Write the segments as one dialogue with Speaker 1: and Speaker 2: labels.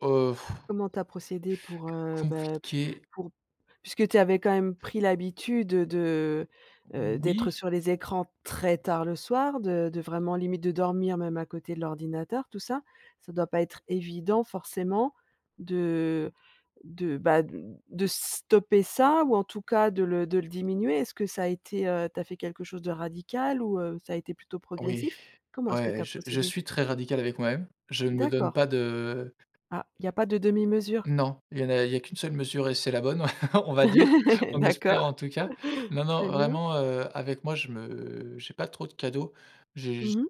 Speaker 1: Heu,
Speaker 2: Comment tu as procédé pour,
Speaker 1: C'est
Speaker 2: heu, beh
Speaker 1: compliqué.
Speaker 2: pour puisque tu avais quand même pris l'habitude, heu, de heu, d'être
Speaker 1: Oui.
Speaker 2: sur les écrans très tard le soir, de de vraiment limite de dormir même à côté de l'ordinateur, tout ça, ça doit pas être évident forcément de de, bah, d de stopper ça ou en tout cas de le de le diminuer. Est-ce que ça a été, heu, tu as fait quelque chose de radical ou heu, ça a été plutôt
Speaker 1: Oui,
Speaker 2: progressif? Comment est-ce que tu
Speaker 1: ouais,
Speaker 2: as
Speaker 1: je je
Speaker 2: procédé?
Speaker 1: suis très radical avec moi même, je ne me donne
Speaker 2: D'accord.
Speaker 1: pas de
Speaker 2: Ah, il y a pas de demi-mesure?
Speaker 1: Non, il y en a il y a qu'1 seule mesure et c'est la bonne, on va dire, on
Speaker 2: D'accord,
Speaker 1: espère, en tout cas. Non, non,
Speaker 2: très bien.
Speaker 1: vraiment, heu, avec moi, je me j'ai pas trop de cadeaux. J'ai j
Speaker 2: Mmh mh.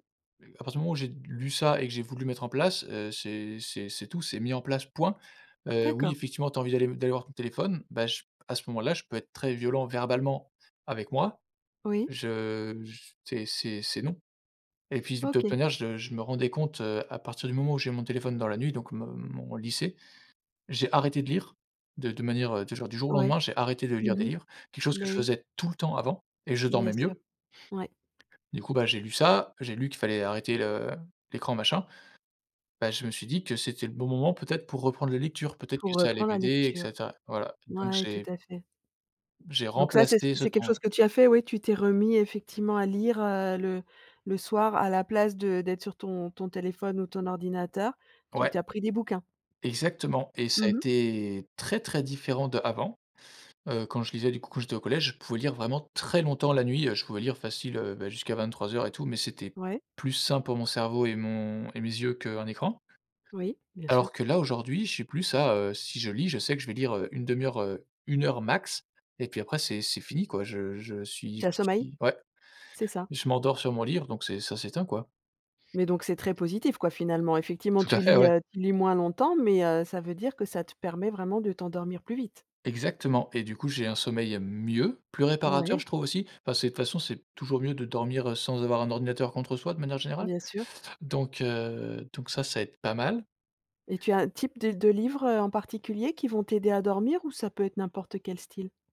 Speaker 1: à partir du moment où j'ai lu ça et que j'ai voulu mettre en place, heu, c'est c'est c'est tout c'est mis en place point. Heu, oui,
Speaker 2: D'accord.
Speaker 1: effectivement, tu as envie d'aller d'aller voir ton téléphone, bah, je à ce moment là je peux être très violent verbalement avec moi,
Speaker 2: Oui.
Speaker 1: je j t c'est c'est c'est non. Et puis de toute
Speaker 2: OK.
Speaker 1: manière, je je me rendais compte, heu, à partir du moment où j'ai mon téléphone dans la nuit, donc mon mon lycée, j'ai arrêté de lire de de manière de jour du jour au
Speaker 2: Ouais.
Speaker 1: lendemain, j'ai arrêté de lire des
Speaker 2: Mmh mh.
Speaker 1: livres, quelque chose que je
Speaker 2: Beh, oui.
Speaker 1: faisais tout le temps avant et je
Speaker 2: Bien
Speaker 1: dormais
Speaker 2: sûr,
Speaker 1: mieux.
Speaker 2: ouais.
Speaker 1: Du coup, bah, j'ai lu ça, j'ai lu qu'il fallait arrêter le l'écran machin, beh, je me suis dit que c'était le bon moment peut être pour reprendre les lectures, peut-être
Speaker 2: Pour
Speaker 1: que ça allait
Speaker 2: reprendre la
Speaker 1: m'aider et
Speaker 2: lecture.
Speaker 1: cetera. Voilà, donc
Speaker 2: Ouais, tout
Speaker 1: j'ai
Speaker 2: à fait.
Speaker 1: j'ai
Speaker 2: Donc ça, c'est ce q
Speaker 1: remplacé ce
Speaker 2: c'est quelque
Speaker 1: temps-là.
Speaker 2: chose que tu as fait, ouais, tu t'es remis effectivement à lire, heu, le le soir à la place de d'être sur ton ton téléphone ou ton ordinateur, tu
Speaker 1: Ouais.
Speaker 2: tu as pris des bouquins?
Speaker 1: Exactement et
Speaker 2: Mmh
Speaker 1: ça a
Speaker 2: mh.
Speaker 1: été très, très différent d'avant. Heu, quand je lisais, du coup, quand j'étais au collège, je pouvais lire vraiment très longtemps la nuit, heu, je pouvais lire facile, heu, beh, jusqu'à 23:00 et tout, mais c'était
Speaker 2: Ouais.
Speaker 1: plus sain pour mon cerveau et mon et mes yeux qu'un écran.
Speaker 2: Oui, bien sûr.
Speaker 1: Alors que là, aujourd'hui, j'ai plus ça, heu, si je lis, je sais que je vais lire 1/2 heure, heu, 1 heure max, et puis après, c'est c'est fini, quoi, je je suis
Speaker 2: Tu as
Speaker 1: je
Speaker 2: sommeil?
Speaker 1: suis ouais,
Speaker 2: C'est ça.
Speaker 1: je m'endors sur mon livre donc c'est ça s'éteint, quoi.
Speaker 2: Mais donc c'est très positif, quoi, finalement. Effectivement,
Speaker 1: Tout à
Speaker 2: tu
Speaker 1: fait,
Speaker 2: lis,
Speaker 1: ouais.
Speaker 2: heu, tu lis moins longtemps, mais heu, ça veut dire que ça te permet vraiment de t'endormir plus vite?
Speaker 1: Exactement et du coup, j'ai un sommeil mieux, plus réparateur
Speaker 2: Ouais.
Speaker 1: je trouve aussi, enfin c'est de toute façon c'est toujours mieux de dormir sans avoir un ordinateur contre soi de manière générale.
Speaker 2: Bien sûr.
Speaker 1: Donc heu, donc ça ça aide pas mal.
Speaker 2: Et tu as un type de de livres, heu, en particulier qui vont t'aider à dormir ou ça peut être n'importe quel style?